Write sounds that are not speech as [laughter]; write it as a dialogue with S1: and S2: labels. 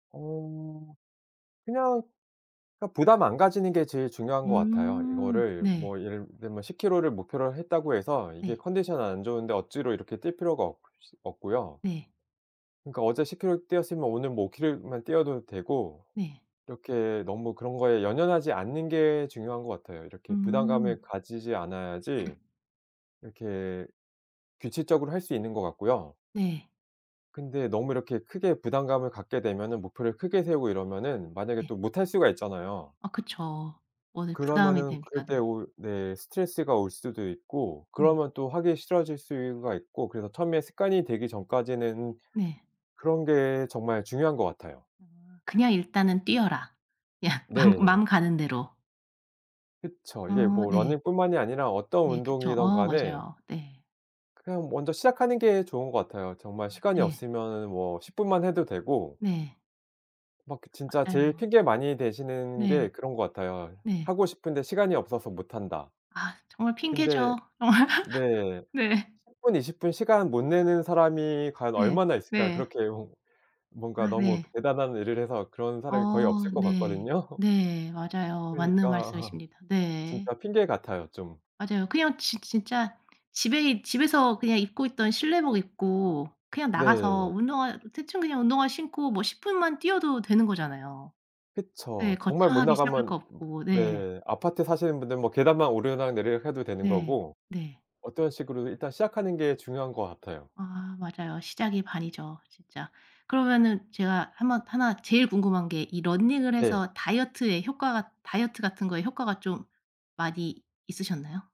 S1: 어우. 그냥 그러니까 부담 안 가지는 게 제일 중요한 것 같아요.
S2: 음.
S1: 이거를
S2: 네.
S1: 뭐 예를 들면 10km 를 목표로 했다고 해서 이게
S2: 네.
S1: 컨디션 안 좋은데 억지로 이렇게 뛸 필요가 없이 없고요.
S2: 네.
S1: 그러니까 어제 10km 뛰었으면 오늘 뭐 5km 만 뛰어도 되고
S2: 네.
S1: 이렇게 너무 그런 거에 연연하지 않는 게 중요한 것 같아요. 이렇게 부담감을
S2: 음.
S1: 가지지 않아야지 이렇게 규칙적으로 할 수 있는 것 같고요.
S2: 네.
S1: 근데 너무 이렇게 크게 부담감을 갖게 되면은 목표를 크게 세우고 이러면은 만약에
S2: 네.
S1: 또 못할 수가 있잖아요.
S2: 아 그쵸. 원래 부담이
S1: 그러면은 그럴
S2: 되니까
S1: 때
S2: 네.
S1: 오히 네 스트레스가 올 수도 있고
S2: 네.
S1: 그러면 또 하기 싫어질 수가 있고 그래서 처음에 습관이 되기 전까지는
S2: 네.
S1: 그런 게 정말 중요한 것 같아요.
S2: 아. 그냥 일단은 뛰어라. 야 맘
S1: 네.
S2: 맘 가는 대로.
S1: 그쵸. 이게
S2: 어.
S1: 뭐
S2: 네.
S1: 러닝뿐만이 아니라 어떤
S2: 예 그쵸.
S1: 운동이든
S2: 어
S1: 간에
S2: 맞아요. 네.
S1: 그냥 먼저 시작하는 게 좋은 것 같아요. 정말
S2: 아
S1: 시간이
S2: 네.
S1: 없으면은 뭐 10 분만 해도 되고
S2: 네.
S1: 막 그 진짜
S2: 아
S1: 제일
S2: 맞아요.
S1: 핑계 많이 대시는
S2: 네.
S1: 게 그런 것 같아요.
S2: 네.
S1: "하고 싶은데 시간이 없어서 못 한다."
S2: 아 정말
S1: 근데
S2: 핑계죠. [laughs]
S1: 네.
S2: 네.
S1: 10 20 분 시간 못 내는 사람이 과연
S2: 네.
S1: 얼마나 있을까요?
S2: 네.
S1: 그렇게 뭔 뭔가
S2: 아
S1: 너무
S2: 네.
S1: 대단한 일을 해서 그런 사람이 거의
S2: 어.
S1: 없을 것
S2: 네.
S1: 같거든요.
S2: 네. 맞아요. 맞는
S1: 그러니까 [laughs]
S2: 말씀이십니다. 네.
S1: 진짜 핑계 같아요 좀.
S2: 맞아요. 그냥 진 진짜 집에 있 집에서 그냥 입고 있던 실내복 입고 그냥 나가서
S1: 네.
S2: 운동화 대충 그냥 운동화 신고 뭐 10 분만 뛰어도 되는 거잖아요. 네
S1: 그쵸. 정말 못
S2: 거창하게 시작할
S1: 나가면
S2: 거
S1: 읍
S2: 없고 네.
S1: 네. 아파트 사시는 분들 뭐 계단만 오르락내리락 해도 되는
S2: 네.
S1: 거고.
S2: 네.
S1: 어떤 식으로든 일단 시작하는 게 중요한 것 같아요.
S2: 아 맞아요. 시작이 반이죠 진짜. 그러면은 제가 한번 하나 제일 궁금한 게 이 러닝을
S1: 네.
S2: 해서 다이어트에 효과가 다이어트 같은 거에 효과가 좀 많이 있으셨나요?